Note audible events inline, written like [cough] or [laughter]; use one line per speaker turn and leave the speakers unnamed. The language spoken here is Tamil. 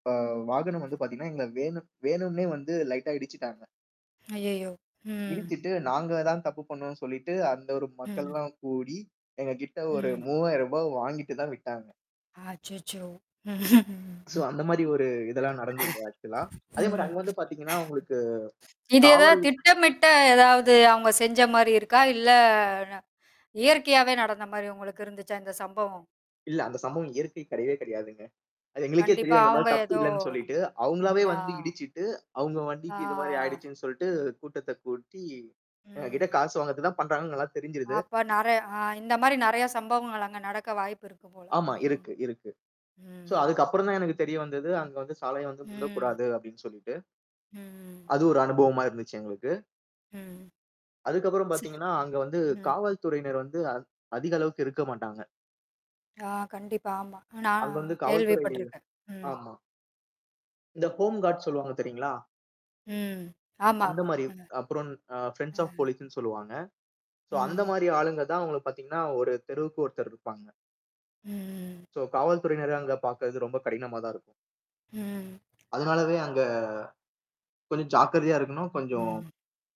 ஆ வாகனம் வந்து பார்த்தீங்கன்னா எங்கள வேணும் வேணுன்னே வந்து லைட்டா இடிச்சுட்டாங்க.
அய்யயோ! ம்.
இடிச்சிட்டு, நாங்க தான் தப்பு பண்ணோன்னு சொல்லிட்டு அந்த ஒரு மக்கள்
ம்.
எல்லாம் கூடி, எங்க கிட்ட ஒரு
ம்.
ரூ.3000 வாங்கிட்டு தான் விட்டாங்க.
அச்சச்சோ! ம்ஹம்,
சோ,
ம்.
அந்தமாரி ஒரு இதெல்லாம் நடந்தது ஆக்ஸூலா. அதேமாரி
[coughs] ம்.
அங்க வந்து பார்த்தீங்கன்னா, உங்களுக்கு
இது ஏதாவது
காவல்
திட்டமிட்ட எதாவது அவுங்க செஞ்சமாரி இருக்கா? இல்ல இயற்கையாவே நடந்தமாரி உங்களுக்கு இருந்துச்சா, இந்த சம்பவம்?
இல்ல, அந்த சம்பவம் இயற்கை கிடையவே கிடையாதுங்க. அது எங்களுக்கே
கண்டிப்பா,
தெரியும், எங்க மேல
அவுங்க
தப்பு
ஏதோ
இல்லன்னு சொல்லிட்டு, அவுங்களாகவே
ஆ.
வந்து இடிச்சிட்டு, அவுங்க வண்டிக்கு இதுமாரி
ஆ.
ஆயிடுச்சுன்னு சொல்ட்டு கூட்டத்த கூட்டி, எங்கக்கிட்ட
ம்.
காசு வாங்குவதற்கு தான் பண்றாங்கன்னு நல்லா தெரிஞ்சிருது.
அப்ப நிறைய ஆ, இந்தமாரி நிறைய சம்பவங்கள் அங்க நடக்க வாய்ப்பு இருக்கு போல.
ஆமா,
ம்.
இருக்கு, இருக்கு. சோ,
ம்.
அதுக்கு அப்புறம் தான் எனக்கு தெரிய வந்தது. அங்க வந்து சாலைய வந்து
ம்.
முந்தக்கூடாது அப்பிடின்னு சொல்லிட்டு.
ம்.
அது ஒரு அனுபவமா இருந்துச்சு எங்களுக்கு.
ம். [unintelligible] ம்.
அதுக்கு அப்புறம் பாத்தீங்கன்னா, அங்க
[unintelligible]
வந்து
ம்.
காவல்துறையினர் வந்து, அதி அதிக அளவுக்கு இருக்க மாட்டாங்க.
ஆ, கண்டிப்பா. ஆமா, நான்
அங்க வந்து காவல்துறையில,
கேள்விப்பட்டிருக்கேன். ம்.
ஆமா. இந்த ஹோம் கார்ட்ஸ் சொல்லுவாங்க தெரியுங்களா?
ம். ஆமாமா.
அந்தமாரி.
ம்.
அப்புறம் அ ஃபிரெண்ட்ஸ் ஆஃப்
ம்.
போலீஸ்ன்னு சொல்லுவாங்க. சோ,
ம்.
அந்தமாரி ஆளுங்க தான் அவுங்கள பாத்தீங்கன்னா, 1 தெருவுக்கு ஒருத்தர் இருப்பாங்க.
ம், ம், ம்.
சோ, காவல்துறையினர அங்க பார்க்கிறது ரொம்ப கடினமாக தான் இருக்கும்.
ம், ம்.
அதனாலவே அங்க, கொஞ்சம் ஜாக்கிரதையா இருக்கணும், கொஞ்சம்
ம்.